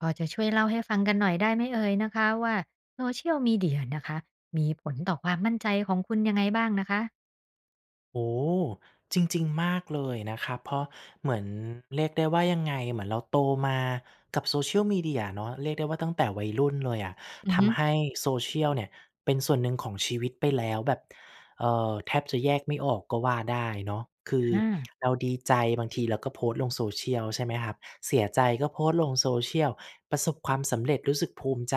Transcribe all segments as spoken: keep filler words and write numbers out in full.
พอจะช่วยเล่าให้ฟังกันหน่อยได้ไหมเอ่ยนะคะว่า Social Media นะคะ มีผลต่อความมั่นใจของคุณยังไงบ้างนะคะ? โอ จริง ๆ มากเลยนะครับ เพราะเหมือน เรียกได้ว่ายังไง เหมือนเราโตมากับ Social Media เนาะ เรียกได้ว่าตั้งแต่วัยรุ่นเลยอะ อืทอฮึ ำให้ Social เนี่ยเป็นส่วนหนึ่งของชีวิตไปแล้ว แบบ เออ แทบจะแยกไม่ออกก็ว่าได้เนาะ คืออา เราดีใจ บางทีเราก็โพสต์ลงSocial ใช่ไหมครับ เสียใจก็โพสต์ลง Social ประสบความสำเร็จ รู้สึกภูมิใจ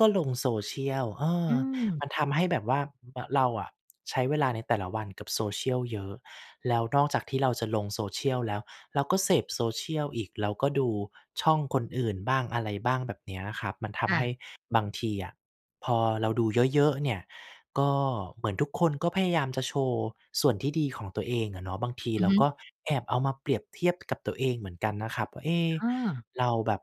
ก็ลง Social เอออ ืม มันทำให้แบบว่า ม เราอะใช้เวลาในแต่ละวันกับ Social เยอะ แล้วนอกจากที่เราจะลง Social แล้ว เราก็เสพ Social อีก เราก็ดูช่องคนอื่นบ้างอะไรบ้าง แบบนี้นะครับ มันทคำ่ให้ะ บางทีอะพอเราดูเยอะ ๆ เนี่ย ก็เหมือนทุกคนก็พยายามจะโชว์ส่วนที่ดีของตัวเองอะเนาะ บางทีอืเอราฮึ ก็แอบเอามาเปรียบเทียบกับตัวเองเหมือนกันนะครับว่า เอ๊ะ อา เราแบบ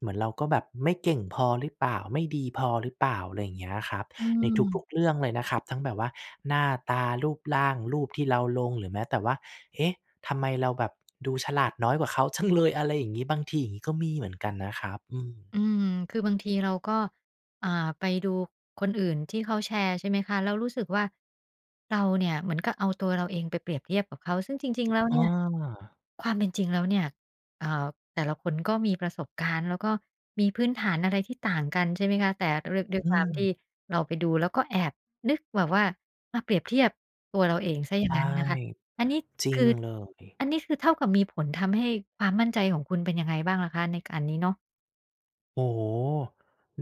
เหมือนเราก็แบบไม่เก่งพอหรือเปล่า ไม่ดีพอหรือเปล่า อะไรอย่างเงี้ยครับ อืในทม ุก ๆ เรื่องเลยนะครับ ทั้งแบบว่าหน้าตา รูปร่าง รูปที่เราลง หรือแม้แต่ว่า เอ๊ะ ทำไมเราแบบดูฉลาดน้อยกว่าเขา จัง เลย อะไรอย่างนี้ บางทีอย่างนี้ก็มีเหมือนกันนะครับ อืม อืม คือบางทีเราก็ อ่า ไปดูคนอื่นที่เขาแชร์ใช่ไหมคะ แล้วรู้สึกว่า เราเนี่ยเหมือนกับเอาตัวเราเองไปเปรียบเทียบกับเขา ซึ่งจริง ๆ แล้วเอนี่ย า ความเป็นจริงแล้วเนี่ย เอ่อ แต่ละคนก็มีประสบการณ์ แล้วก็มีพื้นฐานอะไรที่ต่างกันใช่ไหมคะ แต่ด้วย ด้วยอืความที่ม เราไปดู แล้วก็แอบนึกแบบว่ามาเปรียบเทียบตัวเราเองเสียอยใ่ชาง ่ นั้นนะคะ อันนี้จรคิงือ เลย อันนี้คือเท่ากับมีผลทำให้ความมั่นใจของคุณเป็นยังไงบ้างล่ะคะ? ในการนี้เนาะ โอ้โฮ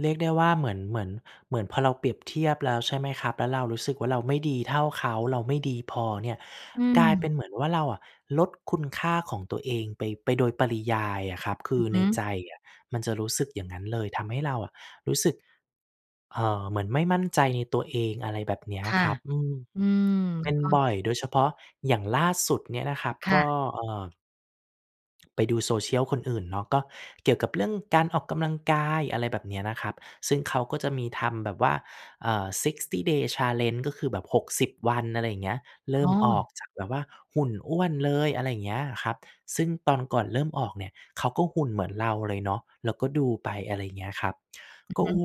เรียกได้ว่าเหมือน เหมือน เหมือนพอเราเปรียบเทียบแล้วใช่ไหมครับ แล้วเรารู้สึกว่าเราไม่ดีเท่าเขา เราไม่ดีพอเนี่ย อืกลายเปม ็นเหมือนว่าเราอะลดคุณค่าของตัวเองไป ไปโดยปริยายอะครับ คอืืออฮในึ ใจอะมันจะรู้สึกอย่างนั้นเลย ทำให้เรารู้สึก เอ่อ เหมือนไม่มั่นใจในตัวเอง อะไรแบบนี้ค่ะ ครับ อืม อืมเป็นก็ บ่อย โดยเฉพาะอย่างล่าสุดเนี่ยนะครับคก่็ ะ เอ่อ ไปดูโซเชียลคนอื่นเนาะ ก็เกี่ยวกับเรื่องการออกกำลังกาย อะไรแบบนี้นะครับ ซึ่งเขาก็จะมีทำแบบว่า เอ่อ Sixty Day challenge ก็คือแบบ หกสิบ วัน อะไรอย่างเงี้ย เริอ่๋มอ ออกจากแบบว่าหุ่นอ้วนเลย อะไรอย่างเงี้ยครับ ซึ่งตอนก่อนเริ่มออกเนี่ยเขาก็หุ่นเหมือนเราเลยเนาะ แล้วก็ดูไป อะไรเงี้ยครับ อือก็ ฮโอึ ้โฮ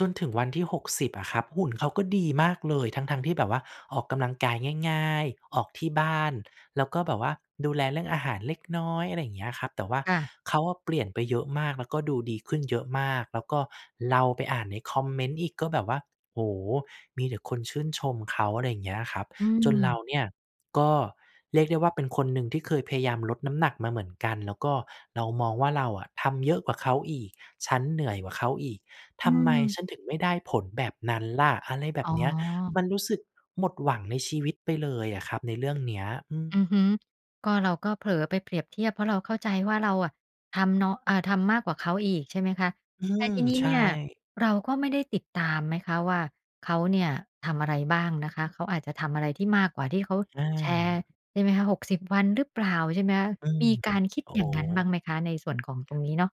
จนถึงวันที่ หกสิบ อะครับ หุ่นเขาก็ดีมากเลย ทั้ง ๆ ที่แบบว่าออกกำลังกายง่าย ๆ ออกที่บ้าน แล้วก็แบบว่าดูแลเรื่องอาหารเล็กน้อย อะไรอย่างเงี้ยครับ แต่ว่าค่ะ เขาอะเปลี่ยนไปเยอะมาก แล้วก็ดูดีขึ้นเยอะมาก แล้วก็เราไปอ่านในคอมเม้นต์อีกก็แบบว่า โอ้ มีแต่คนชื่นชมเขา อะไรอย่างเงี้ยครับ อืจนเราม เนี่ยก็เรียกได้ว่าเป็นคนหนึ่งที่เคยพยายามลดน้ำหนักมาเหมือนกัน แล้วก็เรามองว่าเราอะทำเยอะกว่าเขาอีก ฉันเหนื่อยกว่าเขาอีก อทืำไมม ฉันถึงไม่ได้ผลแบบนั้นล่ะ อะไรแบอ๋บเนี้ย อ มันรู้สึกหมดหวังในชีวิตไปเลยอะครับในเรื่องนี้ อือม ือฮึ ก็เราก็เผลอไปเปรียบเทียบ เพราะเราเข้าใจว่าเราอะทำเนาะ อา ทำมากกว่าเขาอีกใช่ไหมคะ อืแต่ม ทีนี้ใชเนี่ย่ เราก็ไม่ได้ติดตามไหมคะว่าเขาเนี่ยทำอะไรบ้างนะคะ เขาอาจจะทำอะไรที่มากกว่าที่เขาอแชร์า ใช่ไหมคะ หกสิบ วัน หรือเปล่า ใช่ไหมคะ อืม มีการคิดโอ้อยโ่างนั้นบ้าฮ งไหมคะ? ในส่วนของตรงนี้เนาะ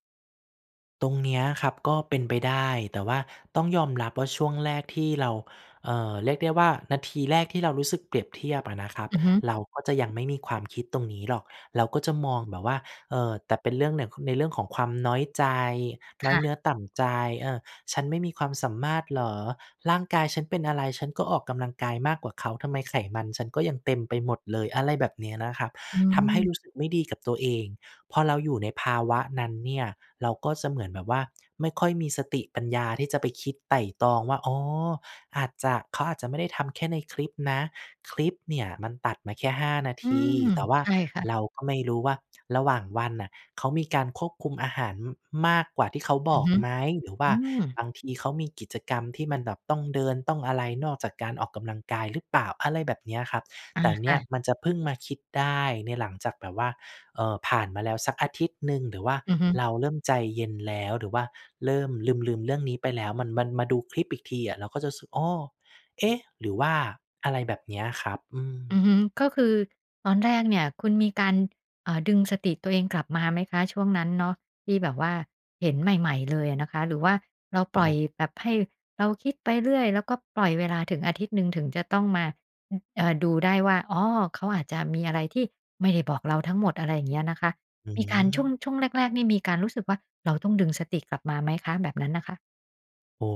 ตรงเนี้ยครับก็เป็นไปได้ แต่ว่าต้องยอมรับว่าช่วงแรกที่เรา เอ่อ เรียกได้ว่านาทีแรกที่เรารู้สึกเปรียบเทียบอะนะครับ อือฮึ เราก็จะยังไม่มีความคิดตรงนี้หรอก เราก็จะมองแบบว่า เออ แต่เป็นเรื่องหนึ่ ค ในเรื่องของความน้อยใจ คน้อย่ะ เนื้อต่ำใจ เออ "ฉันไม่มีความสามารถเหรอ? ร่างกายฉันเป็นอะไร? ฉันก็ออกกำลังกายมากกว่าเขา ทำไมไขมันฉันก็ยังเต็มไปหมดเลย?" อะไรแบบเนี้ยนะครับ อทำให้ืม รู้สึกไม่ดีกับตัวเอง พอเราอยู่ในภาวะนั้นเนี่ย เราก็จะเหมือนแบบว่าไม่ค่อยมีสติปัญญาที่จะไปคิดไตร่ตรองว่า อ๋อ อาจจะ เขาอาจจะไม่ได้ทำแค่ในคลิปนะ คลิปเนี่ยมันตัดมาแค่ ห้า นาอืที ม แต่ว่าใช่ค่ะ เราก็ไม่รู้ว่าระหว่างวันน่ะเขามีการควบคุมอาหาร ม มากกว่าที่เขาอบืออกฮึ ไหม หรือวอ่ืาม บางทีเขามีกิจกรรมที่มันแบบต้องเดิน ต้องอะไร นอกจากการออกกำลังกายหรือเปล่า อะไรแบบเนี้ยครับ อา แต่เคนี่่ยะ มันจะเพิ่งมาคิดได้ใน หลังจากแบบว่า เออ ผ่านมาแล้วสักอาทิตย์หนึ่ง หรือว่าอือฮึ เราเริ่มใจเย็นแล้ว หรือว่าเริ่มลืม ๆ เรื่องนี้ไปแล้ว มัน มันมาดูคลิปอีกทีอะเราก็จะรู้สึก "อ้อ เอ๊ะ หรือว่า" อะไรแบบเนี้ยครับ อือม ือฮึ ก็คือตอนแรกเนี่ยคุณมีการ อ่า ดึงสติตัวเองกลับมาไหมคะช่วงนั้นเนาะที่แบบว่าเห็นใหม่ ๆ เลยอะนะคะ หรือว่าเราปโอล่อย้ แบบให้เราคิดไปเรื่อย แล้วก็ปล่อยเวลาถึงอาทิตย์หนึ่ง ถึงจะต้องมา ฮ เอ่อ ดูได้ว่า อ๋อ เขาอาจจะมีอะไรที่ไม่ได้บอกเราทั้งหมด อะไรเงี้ยนะคะ อืมีการ ช่ม วง ช่วงแรก ๆ เนี่ยมีการรู้สึกว่า เราต้องดึงสติกลับมาไหมคะ? แบบนั้นน่ะค่ะ โอ้!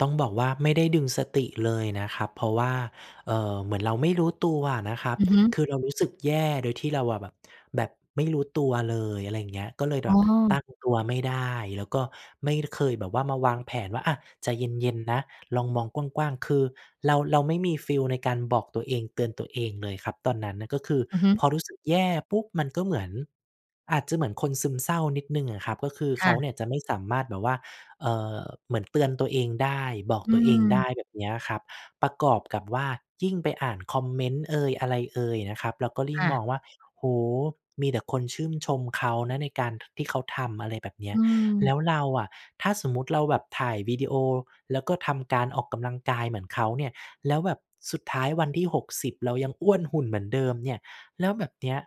ต้องบอกว่าไม่ได้ดึงสติเลยนะครับ เพราะว่า เอ่อ เหมือนเราไม่รู้ตัวอะนะครับ อือฮึ คือเรารู้สึกแย่ โดยที่เราวา แบบ แบบไม่รู้ตัวเลย อะไรอย่างเงี้ย ก็เลยอแ๋บบอ ตั้งตัวไม่ได้ แล้วก็ไม่ ค เคยแบบว่ามาวางแผนว่า อะ ใจเย็น ๆ นะ ลองมองกว้าง ๆ คือเรา เราไม่มีฟีลในการบอกตัวเอง เตือนตัวเองเลยครับตอนนั้นน่ะ ก็คืออือฮึ พอรู้สึกแย่ปุ๊บ มันก็เหมือน อาจจะเหมือนคนซึมเศร้านิดหนึ่งอะนะครับ ก็คือคเข่าะ เนี่ยจะไม่สามารถแบบว่า เอ่อ เหมือนเตือนตัวเองได้ บอกอืตัวเองไดม ้ แบบเนี้ยครับ ประกอบกับว่ายิ่งไปอ่านคอมเมนต์เอย อะไรเอยนะครับ แล้วก็ลิค่ง ่ะ มองว่า โอ้โฮ! มีแต่คนชื่ม ชมเขานะในการที่เขาทำ อะไรแบบเนี้อย ืแลม ้วเราอะ ถ้าสมมติเราแบบถ่ายวิดีโอ แล้วก็ทำการออกกำลังกายเหมือนเขาเนี่ย แล้วแบบสุดท้ายวันที่ หกสิบ เรายังอ้วนหุ่นเหมือนเดิมเนี่ย แล้วแบบเนี้ย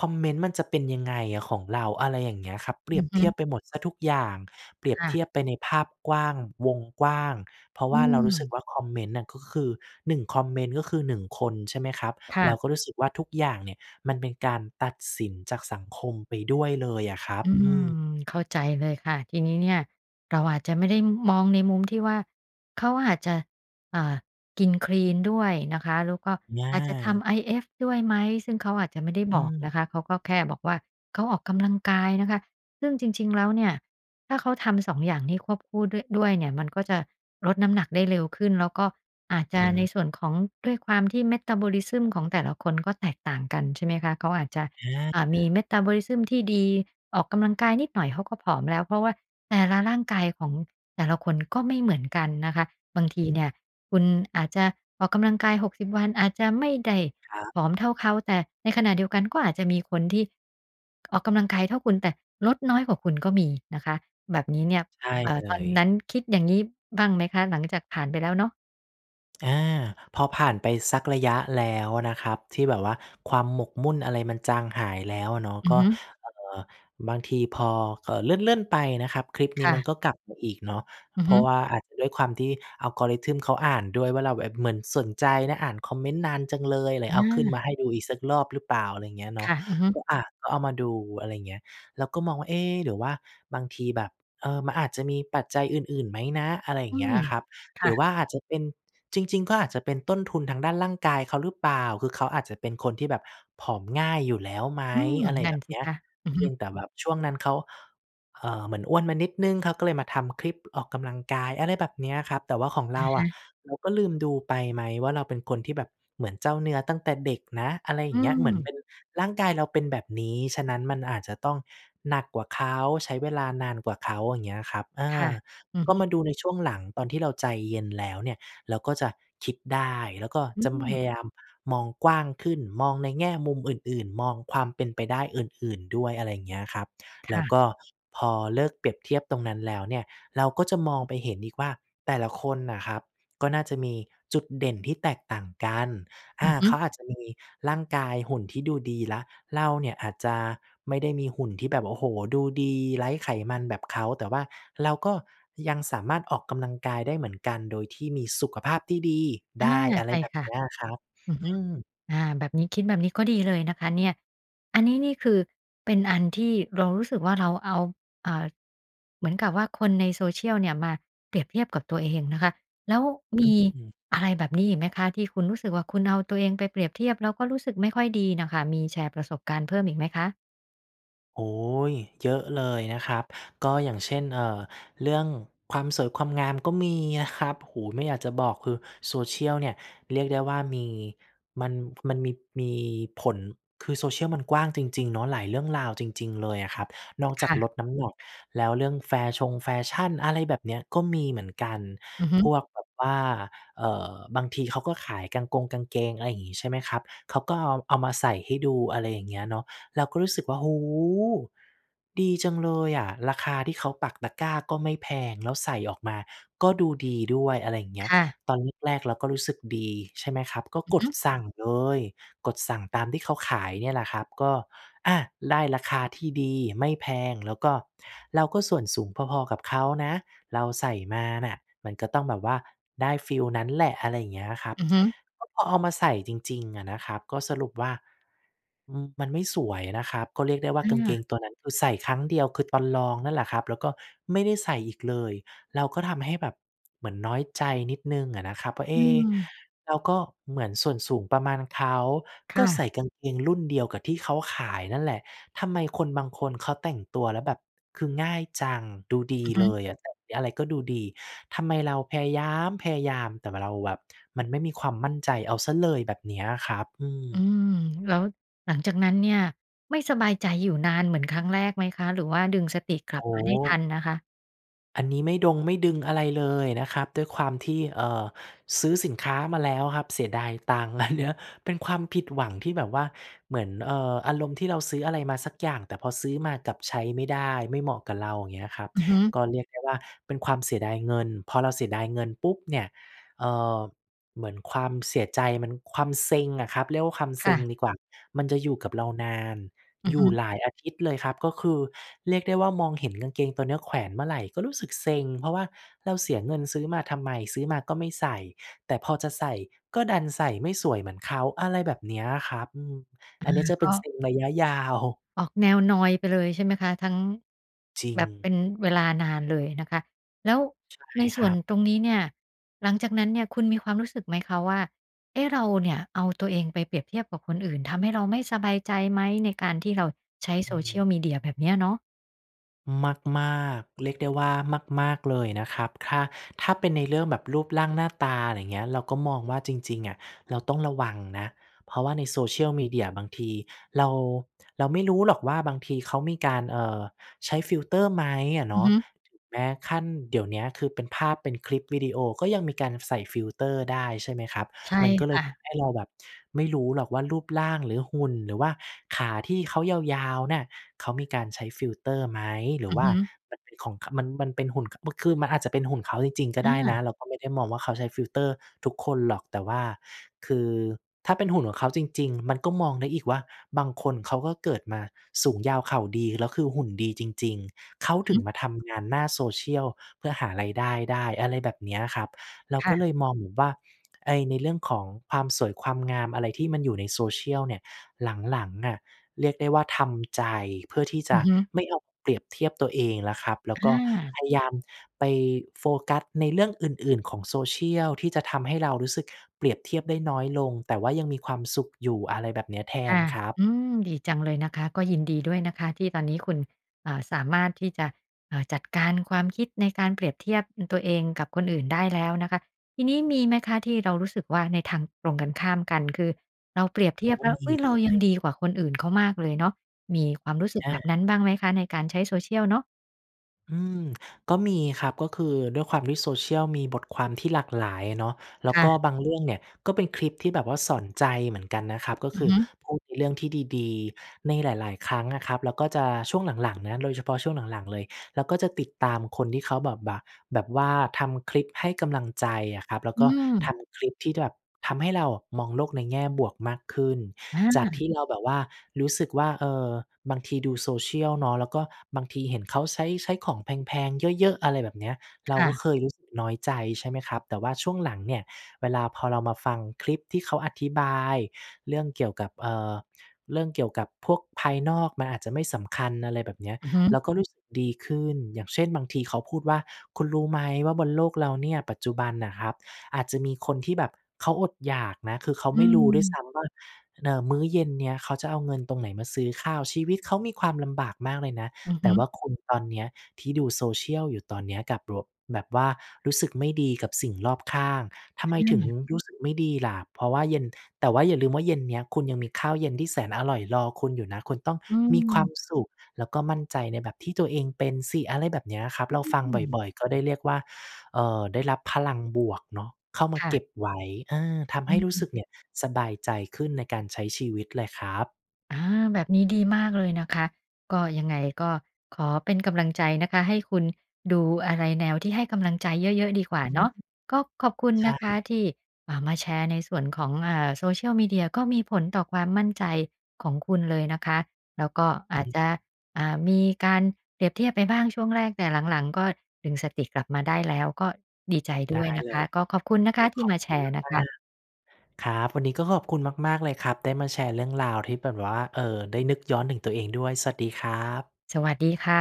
คอมเมนต์มันจะเป็นยังไงอะของเรา อะไรอย่างเงี้ยครับ เปอรืียอบฮเทียึ บไปหมดเสียทุกอย่าง เปรียบค่ะ เทียบไปในภาพกว้าง วงกว้าง เพราะอืว่าเรารู้สึกม ว่าคอมเมนต์น่ะ ก็คือ หนึ่ง คอมเมนต์ ก็คือ หนึ่ง คน ใช่ไหมครับ ค่เะ ราก็รู้สึกว่าทุกอย่างเนี่ย มันเป็นการตัดสินจากสังคมไปด้วยเลยอะครับ อือืม ม เข้าใจเลยค่ะ ทีนี้เนี่ยเราอาจจะไม่ได้มองในมุม ที่ว่า เขาอาจจะ อ่า กินคลีนด้วยนะคะ แล้วก็ออาจจะทา ำ IF ด้วยไหม ซึ่งเขาอาจจะไม่ได้อบือกนะคะ เขาม ก็แค่บอกว่า เขาออกกำลังกายนะคะ ซึ่งจริง ๆ แล้วเนี่ย ถ้าเขาทำ สอง อย่างนี่ควบคู่ด้วย ด้วยเนี่ย มันก็จะลดน้ำหนักได้เร็วขึ้น แล้วก็อาจจะในส่หือ วนของ ด้วยความที่ Metabolism ของแต่ละคนก็แตกต่างกันใช่ไหมคะ? เขาอาจจะ ออ่า มี า Metabolism ที่ดี ออกกำลังกายนิดหน่อยเขาก็ผอมแล้ว เพราะว่าแต่ละร่างกายของแต่ละคนก็ไม่เหมือนกันนะคะ บางทีอเืนี่ม ยคุณอาจจะออกกำลังกาย หกสิบ วัน อาจจะไม่ได้ครับ ผอมเท่าเขา แต่ในขณะเดียวกัน ก็อาจจะมีคนที่ ออกกำลังกายเท่าคุณ แต่ลดน้อยกว่าคุณ ก็มีนะคะ แบบนี้เนี่ย ใช่เอ่อ เลตอนนย ั้น คิดอย่างงี้บ้างไหมคะ? หลัง จากผ่านไปแล้วเนาะ อา พอผ่านไปสักระยะแล้วนะครับ ที่แบบว่าความหมกมุ่นอะไรมันจางหายแล้วอะเนาะ อืกอ็ ฮึ เอ่อ บางทีพอ เอ่อ เลื่อน ๆ ไปนะครับ คลิปคนี้่มัะ นก็กลับมาอีกเนาะ อือเพฮรึ าะว่าอาจจะด้วยความที่ Algorithm เขาอ่านด้วยว่าเราแบบเหมือนสนใจนะ อ่านคอมเมนต์นานจังเลย เลอยเอาขึ้นมา าให้ดูอีกสักรอบหรือเปล่า อะไรอย่างเงี้ยเคนาะ ่ะ อือฮึ ก็ อา ก็เอามาดูอะไรเงี้ย แล้วก็มองว่า "เอ๊ หรือว่าบางทีแบบ เออ มันอาจจะมีปัจจัยอื่น ๆ ไหมนะ?" อะไรอยอ่ืางเงี้ม ยอะครับ คหร่ือะ ว่าอาจจะเป็น จริง ๆ ก็อาจจะเป็นต้นทุนทางด้านร่างกายเขาหรือเปล่า คือเขาอาจจะเป็นคนที่แบบผอมง่ายอยู่แล้วไหม อืม อะไรนั่แบนบสินี้ คะ อือเพฮึ ียงแต่แบบช่วงนั้นเขา เอ่อ เหมือนอ้วนมานิดหนึ่ง เขาก็เลยมาทำคลิปออกกำลังกาย อะไรแบบนี้ครับ แต่ว่าของอเราะฮอะะ เราก็ลืมดูไปไหมว่าเราเป็นคนที่แบบเหมือนเจ้าเนื้อตั้งแต่เด็กนะ อะไรอยอ่ืางเงี้ย เหมือนเปม ็น ร่างกายเราเป็นแบบนี้ ฉะนั้น มันอาจจะต้องหนักกว่าเขา ใช้เวลานานกว่าเขา อย่างเงี้ยครับ เอค่ะ อ อือกฮ็ึ มาดูในช่วงหลังตอนที่เราใจเย็นแล้วเนี่ย เราก็จะคิดได้ แล้วก็อืจำ พม ยายามมองกว้างขึ้น มองในแง่มุมอื่น ๆ มองความเป็นไปได้อื่น ๆ ด้วย อะไรอย่างเงี้ยครับ คแล่้วะ ก็พอเลิกเปรียบเทียบตรงนั้นแล้วเนี่ย เราก็จะมองไปเห็นอีกว่าแต่ละคนน่ะครับก็น่าจะมีจุดเด่นที่แตกต่างกัน ออืา อฮึ เขาอาจจะมีร่างกายหุ่นที่ดูดีแล้ว เราเนี่ย อาจจะไม่ได้มีหุ่นที่แบบ โอ้โฮ ดูดีไร้ไขมันแบบเขา แต่ว่าเราก็ยังสามารถออกกำลังกายได้เหมือนกัน โดยที่มีสุขภาพที่ดีอได้ า อะใไชร่แบบค่ะ นี้อะครับ อือฮอึ ืม อา แบบนี้ คิดแบบนี้ก็ดีเลยนะคะเนี่ย อันนี้นี่คือเป็นอันที่เรารู้สึกว่าเราเอา อ่า เหมือนกับว่าคนใน Social เนี่ย มาเปรียบเทียบกับตัวเองนะคะ แล้วมอีืม อะไรแบบนี้อีกไหมคะ ที่คุณรู้สึกว่าคุณเอาตัวเองไปเปรียบเทียบ แล้วก็รู้สึกไม่ค่อยดีน่ะค่ะ มีแชร์ประสบการณ์เพิ่มอีกไหมคะ? โอ๊ย เยอะเลยนะครับ ก็อย่างเช่น เอ่อ เรื่องความสวยความงามก็มีอะครับ โอ้โฮ ไม่อยากจะบอก คือ Social เนี่ยเรียกได้ว่ามี มัน ผ มันมี มีผล คือ Social มันกว้างจริง ๆ เนาะ หลายเรื่องราวจริง ๆ เลยอะครับ นอกคจาก่ะ ลดน้ำหนักแล้ว เรื่องแฟชงแฟชั่น อะไรแบบเนี้ย ก็มีเหมือนกัน อือฮึ พวกแบบว่า เอ่อ บางทีเขาก็ขายกางกง กางเกง อะไรอย่างงี้ ใช่ไหมครับ เขาก็เอา เอามาใส่ให้ดู อะไรอย่างเงี้ยเนาะ เราก็รู้สึกว่า โอ้โฮ! ดีจังเลยอะ ราคาที่เขาปักตะกร้าก็ไม่แพง แล้วใส่ออกมาก็ดูดีด้วย อะไรอย่างเงี้คย ่ะ ตอนแรก ๆ เราก็รู้สึกดี ใช่ไหมครับ ก็อือกฮดึ สั่งเลย กดสั่งตามที่เขาขายเนี่ยแหละครับ ก็ อา ได้ราคาที่ดีไม่แพง แล้วก็ เราก็ส่วนสูงพอ ๆ กับเขานะ เราใส่มาน่ะมันก็ต้องแบบว่าได้ฟีลนั้นแหละ อะไรอย่างเงี้ยนะครับ อือฮึ ก็พอเอามาใส่จริง ๆ อะนะครับ ก็สรุปว่า อืม มันไม่สวยนะครับ ก็เรียกได้ว่าอกางเกา งตัวนั้นคือใส่ครั้งเดียวคือตอนลองนั่นแหละครับ แล้วก็ไม่ได้ใส่อีกเลย แล้วก็ทำให้แบบเหมือนน้อยใจนิดหนึ่งอะนะครับว่า เออื๊ะ ม เราก็เหมือนส่วนสูงประมาณเขา คก่็ใะ ส่กางเกงรุ่นเดียวกับที่เขาขายนั่นแหละ ทำไมคนบางคนเขาแต่งตัวแล้วแบบคือง่ายจัง ดูดีอือฮเลึ ยอะ ใส่ เนี้ย อะไรก็ดูดี ทำไมเราพยายามพยายาม แต่ว่าเราแบบมันไม่มีความมั่นใจเอาเสียเลย แบบเนี้ยครับ อือืม ม แล้วหลังจากนั้นเนี่ยไม่สบายใจอยู่นานเหมือนครั้งแรกไหมคะ หรือว่าดึงสติกลัโอ้บมาไโด้ทฮ! ันนะคะ? อันนี้ไม่ดง ไม่ดึงอะไรเลยนะครับ ด้วยความที่ เอ่อ ซื้อสินค้ามาแล้วอะครับ เสียดายตังค์ อะเนาะ เป็นความผิดหวังที่แบบว่า เหมือน เอ่อ อารมณ์ที่เราซื้ออะไรมาสักอย่าง แต่พอซื้อมากลับใช้ไม่ได้ ไม่เหมาะกับเรา อย่างเงี้ยครับ อือฮึ ก็เรียกได้ว่าเป็นความเสียดายเงิน พอเราเสียดายเงินปุ๊บเนี่ย เอ่อ เหมือนความเสียใจมัน ความเซ็งอะครับ เรียกว่าความเคซ่็งะ ดีกว่า มันจะอยู่กับเรานาน อืออยฮู่ึ หลายอาทิตย์เลยครับ ก็คือเรียกได้ว่ามองเห็นกางเกงตัวเนี้ยแขวนเมื่อไหร่ก็รู้สึกเซ็ง เพราะว่าเราเสียเงินซื้อมาทำไม ซื้อมาก็ไม่ใส่ แต่พอจะใส่ก็ดันใส่ไม่สวยเหมือนเขา อะไรแบบเนี้ยครับ อือ อัอา นเนี้ยจะกเป็น็ เซ็งระยะ ยาว ออกแนวนอยไปเลยใช่ไหมคะ ทั้ง จริแบบเป็ง นเวลานานเลยนะคะ แล้วใช่ในสค่รวันบ ตรงนี้เนี่ย หลังจากนั้นเนี่ยคุณมีความรู้สึกไหมคะว่า เอ๊ะ เราเนี่ยเอาตัวเองไปเปรียบเทียบกับคนอื่น ทำให้เราไม่สบายใจไหม? ในการที่เราใช้ อืม Social Media แบบเนี้ยเนาะ มาก ๆ เรียกได้ว่ามาก ๆ เลยอะนะครับ ถ้า ถ้าเป็นในเรื่องแบบรูปร่างหน้าตา อะไรเงี้ย เราก็มองว่าจริง ๆ อะ เราต้องระวังนะ เพราะว่าใน Social Media บางทีเรา เราไม่รู้หรอกว่า บางทีเขามีการ เอ่อ ใช้ฟิลเตอร์ไหมอะเอนือาฮะ ึ ถึงแม้ขั้น เดี๋ยวเนี้ยคือเป็นภาพ เป็นคลิปวิดีโอ ก็ยังมีการใส่ฟิลเตอร์ได้ใช่ไหมครับ ใช่มันก็เคล่ยทะ ำให้เราแบบไม่รู้หรอกว่ารูปร่าง หรือหุ่น หรือว่าขาที่เขายาว ๆ เนี่ย เขามีการใช้ฟิลเตอร์ไหม หรอืือวอ่ฮาึ มันเป็นของ ข มัน มันเป็นหุ่น ค บึ้ก คือมันอาจจะเป็นหุ่นเขาจริง ๆ ก็อได้นะ า เราก็ไม่ได้มองว่าเขาใช้ฟิลเตอร์ทุกคนหรอก แต่ว่าคือถ้าเป็นหุ่นของเขาจริง ๆ มันก็มองได้อีกว่า บางคนเขาก็เกิดมาสูงยาวเข่าดี แล้วคือหุ่นดีจริง ๆ เขาอือถฮึึ งมาทำงานหน้า Social เพื่อหารายได้ได้ อะไรแบบเนี้ยครับ เราค่ก็ะ เลยมองเหมือนว่าไอ้ในเรื่องของความสวยความงามอะไรที่มันอยู่ใน Social เนี่ย หลัง ๆ อะเรียกได้ว่าทำ ใจ เพื่อที่จอืะอฮึ ไม่เอาเปรียบเทียบตัวเองแล้วครับ แล้อวก็า พยายามไปโฟกัสในเรื่องอื่น ๆ ของ Social ที่จะทำให้เรารู้สึกเปรียบเทียบได้น้อยลง แต่ว่ายังมีความสุขอยู่ อะไรแบบเนี้ย แทคน่ะ ครับ อืม ดีจังเลยนะคะ ก็ยินดีด้วยนะคะที่ตอนนี้คุณ อ่า สามารถที่จะ เอ่อ จัดการความคิดในการเปรียบเทียบ อ ตัวเองกับคนอื่นได้แล้วนะคะ ทีนี้มีไหมคะที่เรารู้สึกว่าในทางตรงกันข้ามกัน คือเราเปรียบเทเขียาบกแ็ล้ว มอีุ๊ย! เเลรายัง ย ดีกว่าคนอื่นเขามากเลยเนาะ มีความรู้สึกอแบา บนั้นบ้างไหมคะในการใช้ Social เนาะ? อืม ก็มีครับ ก็คือด้วยความที่ social มีบทความที่หลากหลายอะเนาะ แลค้ว่ก็ะ บางเรื่องเนี่ย ก็เป็นคลิปที่แบบว่าสอนใจเหมือนกันนะครับ ก็อคือือฮึ พูดในเรื่องที่ดี ๆ ในหลาย ๆ ครั้งอะครับ แล้วก็จะ ช่วงหลัง ๆ นะ โดยเฉพาะช่วงหลัง ๆ เลย เราก็จะติดตามคนที่เขาแบบบ่ะ แบบว่าทำคลิปให้กำลังใจอะครับ แล้วอืก็ทม ำคลิปที่แบบทำให้เราอะมองโลกในแง่บวกมากขึ้น อจากทา ี่เราแบบว่ารู้สึกว่า เออ บางทีดู social เนาะ แล้วก็บางทีเห็นเขาใช้ ใช้ของแพง ๆ เยอะ ๆ อะไรแบบเนี้ย คเรา่กะ ็เคยรู้สึกน้อยใจใช่ไหมครับ แต่ว่าช่วงหลังเนี่ย เวลาพอเรามาฟังคลิปที่เขาอธิบายเรื่องเกี่ยวกับ เอ่อ เรื่องเกี่ยวกับพวกภายนอกมันอาจจะไม่สำคัญ อะไรแบบเนี้ย อือฮึ เราก็รู้สึกดีขึ้น อย่างเช่น บางทีเขาพูดว่า "คุณรู้ไหมว่า บนโลกเราเนี่ย ปัจจุบันน่ะครับ อาจจะมีคนที่แบบเขาอดอยากนะ คือเขาอืไม่รู้ด้วยซม ้ำว่า เออ มื้อเย็นเนี้ยเขาจะเอาเงินตรงไหนมาซื้อข้าว ชีวิตเขามีความลำบากมากเลยนะ อือฮแต่วึ ่าคุณตอนเนี้ยที่ดู social อยู่ตอนเนี้ย กลับโล่ะ แบบว่ารู้สึกไม่ดีกับสิ่งรอบข้าง ทำไคมถึง่ะ รู้สึกไม่ดีล่ะ เพราะว่าเย็น แต่ว่าอย่าลืมว่าเย็นเนี้ยคุณยังมีข้าวเย็นที่แสนอร่อยรอคุณอยู่นะ คุณต้องอืมีความม สุข แล้วก็มั่นใจในแบบที่ตัวเองเป็นสิ" อะไรแบบเนี้ยครับ เราฟังอืม บ่อย ๆ ก็ได้เรียกว่า เออ ได้รับพลังบวกเนาะเข้ามคา่เกะ ็บไว้ เออ ทำอให้รู้ืสึม กเนี่ยสบายใจขึ้นในการใช้ชีวิตเลยครับ อา แบบนี้ดีมากเลยนะคะ ก็ ยังไงก็ขอเป็นกำลังใจนะคะ ให้คุณดูอะไรแนวที่ให้กำลังใจเยอะ ๆ ดีกว่าอเืนาม ะ ก็ขอบคุณใชน่ ะคะที่มา มาแชร์ในส่วนของ อ่า Social media ก็มีผลต่อความมั่นใจของคุณเลยนะคะ แล้วก็อาอจืม จะ อ่า มีการเปรียบเทียบไปบ้างช่วงแรก แต่หลัง ๆ ก็ดึงสติกลับมาได้แล้ว ก็ดีใจดได้วย้นะเคละ ย ก็ขอบคุณนะคโอะ้โฮ ทีข่อมบาคแชุณร์นะมคาะ ก ๆ ครับ วันนี้ก็ขอบคุณมาก ๆ เลยครับ ได้มาแชร์เรื่องราวที่เป็นแบบว่า เอ่อ ได้นึกย้อนถึงตัวเองด้วย สวัสดีครับ สวัสดีค่ะ